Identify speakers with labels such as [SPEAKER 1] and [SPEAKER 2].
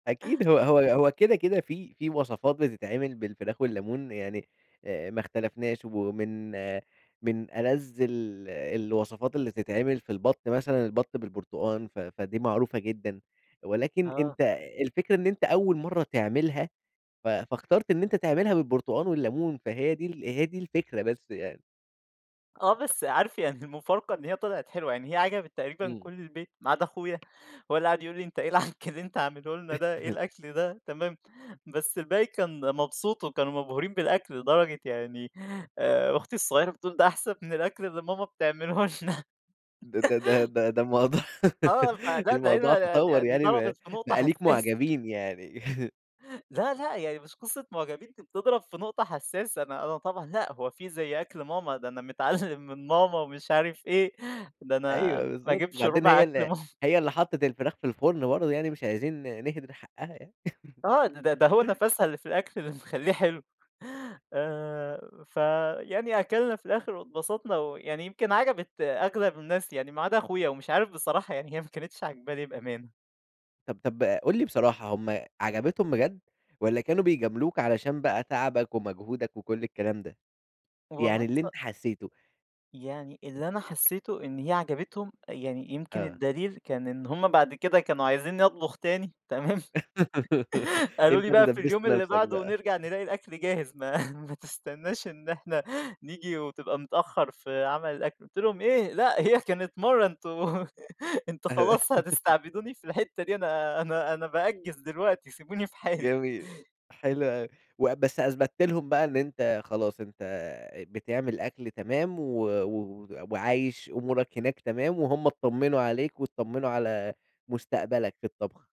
[SPEAKER 1] [unintelligible]
[SPEAKER 2] أكيد هو هو هو كده، كده في في وصفات بتتعمل بالفراخ والليمون، يعني أ ما اختلفناش ومن من ألذّ ال الوصفات اللي تتعمل في البطّ مثلًا البط بالبرتقان، ف فدي معروفة جدًا، ولكن
[SPEAKER 1] آه.
[SPEAKER 2] أنت الفكرة إن أنت أول مرّه تعملها، ف فاخترت إن أنت تعملها بالبرتقان والليمون، فهي دي هي دي الفكرة بس يعني.
[SPEAKER 1] آه، بس عارف يعني المفارقة إن هي طلعت حلوة، يعني هي عجبت تقريبًا
[SPEAKER 2] امم.
[SPEAKER 1] كُلّ البيت ما عدا أخويا، هو اللي قعد يقول لي: "أنت إيه العَكّ اللي أنت عامله لنا ده، إيه الأكل ده؟" تمام، بس الباقي كان مبسوط وكانوا مبهورين بالأكل، لدرجة يعني آآ، أختي الصغيرة بتقول ده أحسن من الأكل اللي ماما بتعمله لنا.
[SPEAKER 2] ده ده ده ده ده الموضوع
[SPEAKER 1] آه، فده ده إيه
[SPEAKER 2] الموضوع تطوّر
[SPEAKER 1] ده دي
[SPEAKER 2] يعني بق
[SPEAKER 1] ضربِت في نقطة
[SPEAKER 2] بقى ليك
[SPEAKER 1] حساسة.
[SPEAKER 2] معجبين يعني.
[SPEAKER 1] لا، لأ، يعني مش قصة معجبين دي بتضرب في نقطة حساسة، أنا أنا طبعًا لأ هو في زي أكل ماما؟ ده أنا متعلِّم من ماما، ومش عارف إيه، ده
[SPEAKER 2] أيوه،
[SPEAKER 1] أنا ما
[SPEAKER 2] بالضبط،
[SPEAKER 1] أجيبش
[SPEAKER 2] بعدين
[SPEAKER 1] رُبع
[SPEAKER 2] هي
[SPEAKER 1] أكل
[SPEAKER 2] ال
[SPEAKER 1] ماما.
[SPEAKER 2] هي اللي حطِّت الفراخ في الفُرن برضه، يعني مش عايزين نهدِر حقّها يعني.
[SPEAKER 1] آه، ده ده هو نفَسها اللي في الأكل اللي مخليه حلو، آآ، فيعني أكلنا في الآخر واتبسطنا، ويعني يمكن عجبِت أغلب الناس يعني ما عدا أخويا، ومش عارف بصراحة يعني هي ما كانِتش عاجباه لي بأمانة.
[SPEAKER 2] طَب طَب قُل لي بصراحة، هم عجبتهم بجد؟ والَّا كانوا بيجاملوك علشان بقى تعبك ومجهودك وكُلّ الكلام ده؟
[SPEAKER 1] والله
[SPEAKER 2] يعني اللي
[SPEAKER 1] اتف
[SPEAKER 2] أنت حسيته؟
[SPEAKER 1] يعني اللي أنا حسيته، إن هي عجبتهم يعني يمكن
[SPEAKER 2] آه.
[SPEAKER 1] الدليل كان إن هم بعد كده كانوا عايزينّي أطبخ تاني، تمام، قالوا
[SPEAKER 2] أنت
[SPEAKER 1] لي
[SPEAKER 2] اللي
[SPEAKER 1] بقى في اليوم
[SPEAKER 2] دبّست
[SPEAKER 1] اللي
[SPEAKER 2] نفْسَك
[SPEAKER 1] بعده
[SPEAKER 2] بقى.
[SPEAKER 1] نرجع نلاقي الأكل جاهز، ما ما تستناش إن إحنا نيجي، وتبقى متأخر في عمل الأكل، قُلت لهم إيه! لأ هي كانت مرّه، أنتم أنتم
[SPEAKER 2] أه
[SPEAKER 1] خلاص هتستعبدوني في الحتة دي، أنا أنا أنا بأجّز دلوقتي، سيبوني في حالي.
[SPEAKER 2] جميل، حلو أوي، وأ بس أثبت لهم بقى إن أنت خلاص، أنت بتعمل أكل تمام، و و وعايش أمورك هناك تمام، وهم اتطّمنوا عليك واتطّمنوا على مُستقبلك في الطبخ.